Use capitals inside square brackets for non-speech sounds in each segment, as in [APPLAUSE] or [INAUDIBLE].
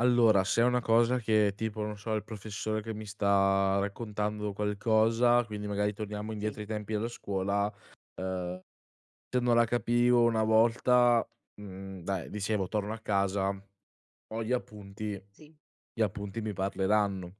Allora, se è una cosa che, tipo, non so, il professore che mi sta raccontando qualcosa, quindi magari torniamo Sì. indietro ai tempi della scuola, uhm, se non la capivo una volta, mhmm, dai dicevo: "Torno a casa, ho gli appunti, Sì. gli appunti mi parleranno".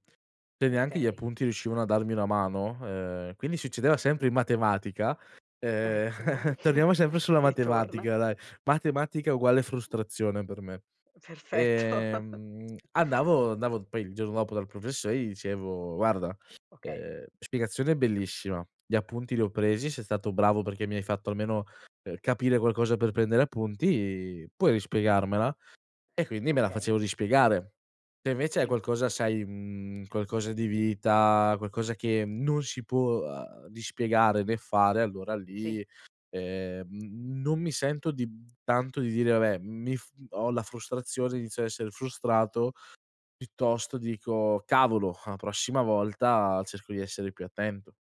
Se neanche gli Okay. appunti riuscivano a darmi una mano ehm, quindi succedeva sempre in matematica. Ehm, Eccola lì, [CHUCKLES] [CHUCKLES] torniamo sempre sulla che ritorna. matematica, dai, matematica uguale frustrazione per me. Perfetto. [CHUCKLES] Ehm, andavo andavo poi il giorno dopo dal professo e gli dicevo: "Guarda, Okay. uhm, spiegazione bellissima, gli appunti li ho presi, sei stato bravo perché mi hai fatto almeno, uhm, capire qualcosa per prendere appunti, puoi rispiegarmela?" E quindi me la Okay. facevo rispiegare. Se, invece, è Sì. qualcosa, sai, mhmm, qualcosa di vita, qualcosa che non si può, uhm, di spiegare né fare, allora Sì. lì, ehm, n non mi sento di tanto di dire: "Vabbè, mi f" ho la frustrazione, inizio a essere frustrato, piuttosto dico: "Cavolo, la prossima volta, cerco di essere più attento".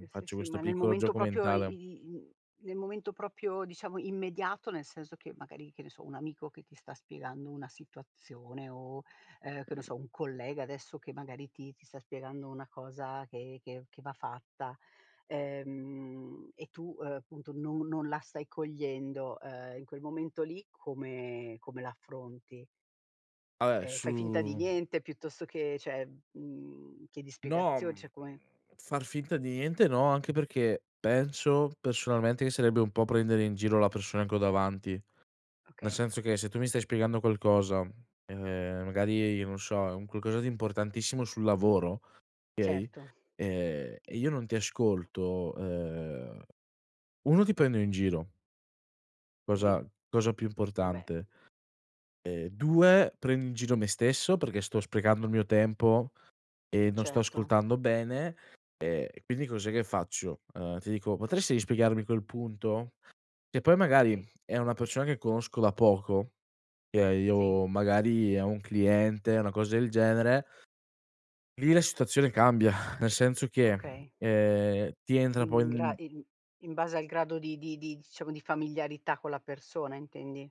Mi Sì, sì, faccio sì. questo Ma nel piccolo momento gioco proprio i mentale. i mhmm, nel momento proprio, diciamo, immediato, nel senso che magari, che ne so, un amico che ti sta spiegando una situazione o, ehm, che ne so, un collega adesso che magari ti ti sta spiegando una cosa che che che va fatta, ehm, e tu, appunto, no non la stai cogliendo, ehm, in quel momento lì come come l'affronti? Ah, eh, Ehm, fai finta di su niente piuttosto che cioè, mhmm, chiedi No, spiegazioni, mhmm, cioè come far finta di niente no. Anche perché penso, personalmente, che sarebbe un po' prendere in giro la persona che ho davanti. Nel Okay. senso che, se tu mi stai spiegando qualcosa, ehm, magari, non so, è un qualcosa di importantissimo sul lavoro, okay, Certo. ehm, e io non ti ascolto, ehm, 1: ti prendo in giro Sì. cosa cosa più Eh, beh. importante. Ehm, 2: prendo in giro me stesso, perché sto sprecando il mio tempo e non sto Certo. ascoltando bene, ehm, quindi cos'è che faccio? Uhm, ti dico: "Potresti spiegarmi quel punto?" Che poi magari Okay. è una persona che conosco da poco, eh Sì. io magari è un cliente, una cosa del genere lì la situazione cambia, [SIGHS] nel senso che, Okay. ehm, che ti entra Quindi poi, in gra mhmm i in base al grado di di di diciamo, di familiarità con la persona intendi?